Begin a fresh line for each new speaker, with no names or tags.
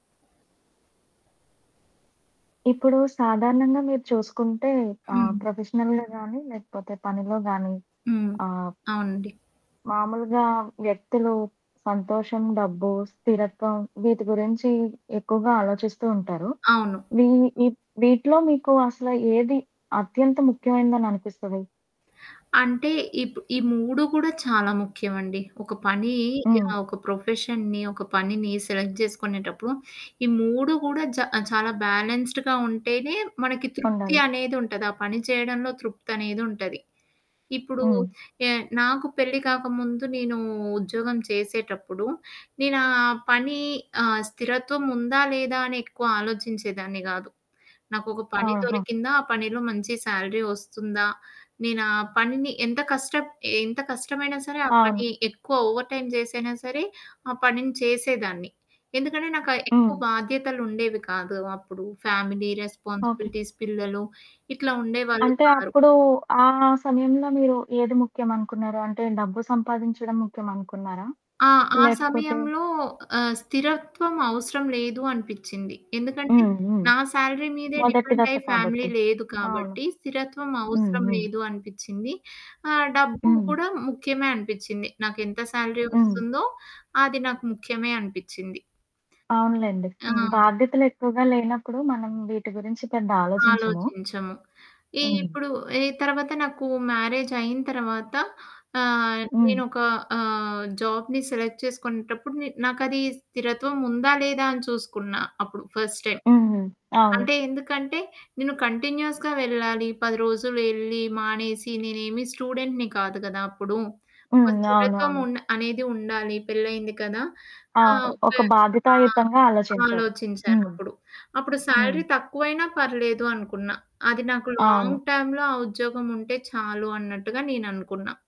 ఇప్పుడు సాధారణంగా మీరు చూసుకుంటే ఆహ్,
హ్మ్.
ప్రొఫెషనల్‌గా గానీ లేకపోతే పనిలో గాని.
హ్మ్.
ఆహ్
అవునండి.
మామూలుగా వ్యక్తులు సంతోషం, డబ్బు, స్థిరత్వం వీటి గురించి ఎక్కువగా ఆలోచిస్తూ ఉంటారు.
అవును.
ఇవి వి వీటిలో మీకు అసలు ఏది అత్యంత ముఖ్యమైనందని అనిపిస్తది?
అంటే ఇప్ ఈ 3 కూడా చాలా ముఖ్యమండి. ఒక పని
హ్మ్.
ఆహ్, ఒక ప్రొఫెషన్‌ని, ఒక పనిని, సెలెక్ట్ జేసుకునేటప్పుడు. ఈ 3 కూడా జ చాలా బ్యాలెన్స్‌డ్‌గా ఉంటేనే. మనకి తృప్తి
ఉండాలి.
అనేది ఉంటది. ఆ పని చేయడంలో తృప్తనేది ఉంటది. ఇప్పుడు
హ్మ్.
ఎ నాకు పెళ్లి కాకముందు, నేను ఉద్యోగం చేసేటప్పుడు, నేనా పని ఆహ్, స్థిరత్వం ఉందా లేదా అని ఎక్కువ ఆలోచించేదాన్నిగాదు. నాకొక పని
ఆహా!
దొరికిందా? ఆ పనిలో మంచి శాలరీ వస్తుందా? నేను ఆ పనిని ఎంత కష్ట ఎంత కష్టమైనా సరే. ఆ పని
అవును.
ఎక్కువ ఓవర్‌టైమ్ జేసైనా సరే ఆ పనిని చేసేదాన్ని. ఎందుకంటే నాకు ఆహ్, ఎక్కువ
హ్మ్.
బాధ్యతలు ఉండేవి కాదు. అప్పుడు ఫ్యామిలీ
ఓకే.
రెస్పాన్సిబిలిటీస్ పిల్లలు ఇట్లా ఉండేవాళ్ళు
అంటే
కారు.
అప్పుడు ఆ సమయంలో మీరు ఏది ముఖ్యంనుకున్నారు? అంటే డబ్బు సంపాదించడం ముఖ్యం అనుకున్నారా?
ఆ! ఆ
లేకపోతే
సమయంలో. ఆహ్ స్థిరత్వం అవసరం లేదు అనిపిచ్చింది. ఎందుకంటే
హ్మ్. హ్మ్.
నా శాలరీ మీదే
మొదటి దశ
డిపెండయి ఫ్యామిలీ
కాబట్టి.
లేదు
అవును.
కాబట్టి స్థిరత్వం
హ్మ్.
అవసరం
హ్మ్.
లేదు అనిపిచ్చింది. ఆహ్, డబ్బు
హ్మ్.
కూడా ముఖ్యమే అనిపిచ్చింది. నాకెంత శాలరీ
హ్మ్.
వస్తుందో. అది నాకు ముఖ్యమే అనిపిచ్చింది.
అవునులెండి.
ఆ!
హ్మ్. బాధ్యతలు ఎక్కువగా లేనప్పుడు మనం వీటి గురించి పెద్ద ఆలోచించము.
ఆలోచించము. ఈ
హ్మ్.
ఇప్పుడు ఈ తర్వాత నాకు మ్యారేజ్ అయిన తర్వాత ఆహ్,
హ్మ్.
నేనొక ఆహ్, జాబ్‌ని సెలెక్ట్ చేసుకునేటప్పుడు న నాకు అది స్థిరత్వం ఉందా లేదా అని చూసుకున్నా అప్పుడు ఫస్ట్ టైమ్.
హుహు. అవును.
అంటే ఎందుకంటే నేను కంటిన్యూయస్‌గా వెళ్ళాలి. 10 రోజులు ఎళ్ళి మానేసి. నేనేమి స్టూడెంట్‌ని కాదు కదా! అప్పుడు. ఒక
హ్మ్.
స్థిరత్వం
అవునవును.
ఉండ అనేది ఉండాలి పెళ్ళయింది కదా! ఆ!
అవును. ఒక
ఓకే. ఆ!
బాధ్యతాయుతంగా ఆలోచించారు. హ్మ్.
ఆలోచించానప్పుడు. అప్పుడు
హ్మ్.
శాలరీ తక్కువైనా పర్లేదు అనుకున్నా. అది నాకు లాంగ్
అవును.
టైమ్‌లొ ఆ ఉద్యోగముంటే చాలు అన్నట్టుగా నేననుకున్నా.